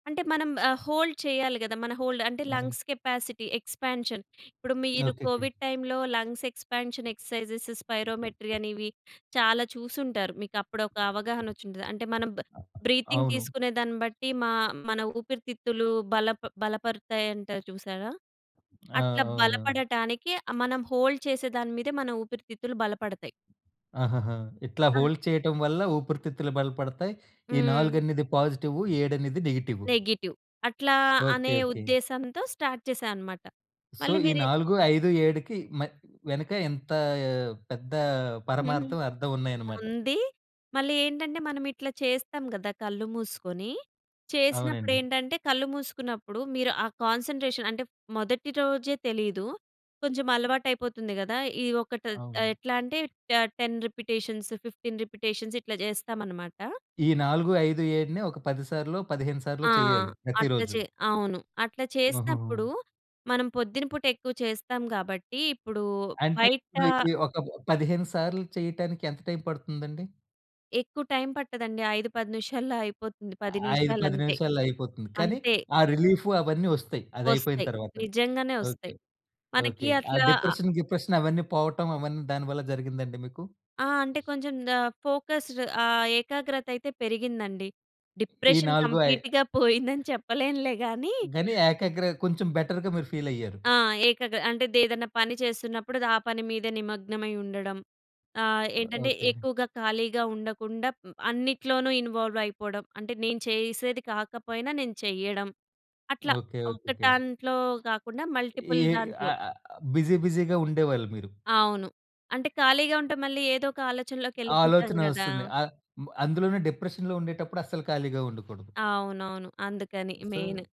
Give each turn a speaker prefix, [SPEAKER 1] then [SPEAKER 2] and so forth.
[SPEAKER 1] అంటే మనం ఆహ్, హోల్డ్ చేయాలి గదా! మన హోల్డ్ అంటే
[SPEAKER 2] హ్మ్.
[SPEAKER 1] Lungs capacity expansion. ఇప్పుడు మీరు
[SPEAKER 2] ఓకేకే.
[SPEAKER 1] కోవిడ్ టైమ్‌లో, లంగ్స్ ఎక్స్‌పాన్షన్, ఎక్స్‌సైజ్‌సీస్, స్పైరోమెట్రీ అనేవి చాలా చూసుంటారు. మీకు అప్పుడు ఒక అవగాహన ఒచ్చుంటది. అంటే మనం బ బ్రీతింగ్
[SPEAKER 2] అవును.
[SPEAKER 1] తీసుకునే దాన్ని బట్టి, మా మన ఊపిరితిత్తులు బల బలపరుతాయంటారు చూసారా?
[SPEAKER 2] ఆ!
[SPEAKER 1] అట్లా
[SPEAKER 2] అవునవును.
[SPEAKER 1] బలపడటానికి మనం హోల్డ్ చేసే దాని మీద మన ఊపిరితిత్తులు బలపడతాయి.
[SPEAKER 2] ఆహాహా! ఇట్లా
[SPEAKER 1] ఆ!
[SPEAKER 2] హోల్డ్ చేయటం వల్ల ఊపిరితిత్తులు బలపడతాయి. ఈ 4
[SPEAKER 1] హ్మ్.
[SPEAKER 2] అనేది పాజిటివు, 7 అనేది నెగెటివు.
[SPEAKER 1] నెగెటివ్. అట్లా
[SPEAKER 2] ఓకే
[SPEAKER 1] అనే
[SPEAKER 2] ఓకే.
[SPEAKER 1] ఉద్దేశంతో స్టార్ట్ చేశా అన్నమాట.
[SPEAKER 2] సో,
[SPEAKER 1] మళ్ళీ
[SPEAKER 2] ఈ
[SPEAKER 1] మీరు
[SPEAKER 2] 4, 5, 7కి మై వెనక ఎంత పెద్ద
[SPEAKER 1] హుహు.
[SPEAKER 2] పరమార్థం అర్థం ఉన్నాయన్నమాట.
[SPEAKER 1] ఉంది. మళ్ళీ ఏంటంటే మనం ఇట్లా చేస్తాం గదా! కళ్ళు మూసుకొని. చేసినప్పుడు
[SPEAKER 2] అవునండి.
[SPEAKER 1] ఏంటంటే, కళ్ళు మూసుకున్నప్పుడు మీరు ఆ కాన్సంట్రేషన్ అంటే మొదటి రోజే తెలీదు. కొంచెం అలవాటు అయిపోతుంది గదా! ఈ ఒకటి ఆహ్,
[SPEAKER 2] అవును.
[SPEAKER 1] ఎట్లా అంటే 10 రిపిటేషన్స్, 15 రిపిటేషన్స్ ఇట్లా చేస్తామన్నమాట.
[SPEAKER 2] ఈ 4, 5 7ని ఒక 10 సార్లో, 15 సార్లో
[SPEAKER 1] ఆ!
[SPEAKER 2] చేయాలి,
[SPEAKER 1] అట్లా
[SPEAKER 2] ప్రతిరోజు.
[SPEAKER 1] చే అవును. అట్లా
[SPEAKER 2] ఆహాహా!
[SPEAKER 1] చేసినప్పుడు, మనం పొద్దునిపూట ఎక్కువ చేస్తాం కాబట్టి, ఇప్పుడు
[SPEAKER 2] అంటే
[SPEAKER 1] బయట
[SPEAKER 2] ఇప్పుడు ఇది ఒక 15 సార్లు చేయటానికి ఎంత టైం పడుతుందండి?
[SPEAKER 1] ఎక్కువ టైం పట్టదండి. 5, 10 నిమిషాల్లో అయిపోతుంది. 10
[SPEAKER 2] ఐదు
[SPEAKER 1] నిమిషాలు
[SPEAKER 2] పది
[SPEAKER 1] అంతే.
[SPEAKER 2] నిమిషాల్లో అయిపోతుంది. కానీ
[SPEAKER 1] అంతే.
[SPEAKER 2] ఆ రిలీఫు అవన్నీ ఒస్తాయి, అది అయిపోయిన
[SPEAKER 1] ఒస్తయి.
[SPEAKER 2] తరువాత.
[SPEAKER 1] నిజంగానే ఒస్తయి.
[SPEAKER 2] ఓకే.
[SPEAKER 1] మనకి
[SPEAKER 2] ఓకే. ఆ
[SPEAKER 1] అట్లా
[SPEAKER 2] డిప్రెషన్, గిప్రెషన్ అవన్నీ పోవటం అవన్నీ దానివల్ల జరిగిందా అండి మీకు?
[SPEAKER 1] ఆ! అంటే కొంచెం ఆహ్, ఫోకస్డ్ ఆహ్, ఏకాగ్రత అయితే పెరిగిందండి.
[SPEAKER 2] ఈ
[SPEAKER 1] డిప్రెషన్
[SPEAKER 2] నాలుగు ఐ
[SPEAKER 1] కంప్లీట్‌గా పోయిందని చెప్పలేనులే గాని
[SPEAKER 2] గనీ ఏకాగ్ర కొంచెం బెటర్‌గా మీరు ఫీలయ్యారు.
[SPEAKER 1] ఆ! ఏకగ్ర అంటే ఏదైనా పని చేస్తున్నప్పుడు, ఆ పని మీదే నిమగ్నమై ఉండడం. ఆహ్, ఏంటంటే
[SPEAKER 2] ఓకే.
[SPEAKER 1] ఎక్కువగా ఖాళీగా ఉండకుండా హ్మ్, అన్నిట్లోనూ ఇన్‌వా‌ల్వ్ అయిపోవడం. అంటే నేను చేసేది కాకపోయినా నేను చెయ్యడం. అట్లా
[SPEAKER 2] ఓకే.
[SPEAKER 1] ఒక
[SPEAKER 2] ఓకేకే.
[SPEAKER 1] దాంట్లో కాకుండా
[SPEAKER 2] ఈ
[SPEAKER 1] మల్టిపుల్ దాంట్లో.
[SPEAKER 2] ఆహ్, బిజి బిజిగా ఉండేవాళ్ళు మీరు.
[SPEAKER 1] అవును. అంటే ఖాళీగా ఉంటే, మళ్ళీ ఏదోక ఆలోచనలోకి వెళ్ళిపోతాం
[SPEAKER 2] ఆలోచన
[SPEAKER 1] గదా!
[SPEAKER 2] ఒస్తుంది. అ అందులోను డిప్రెషన్‌లో ఉండేటప్పుడు అస్సలు ఖాళీగా ఉండకూడదు.
[SPEAKER 1] అవునవును. అందుకని మెయిన్.
[SPEAKER 2] సో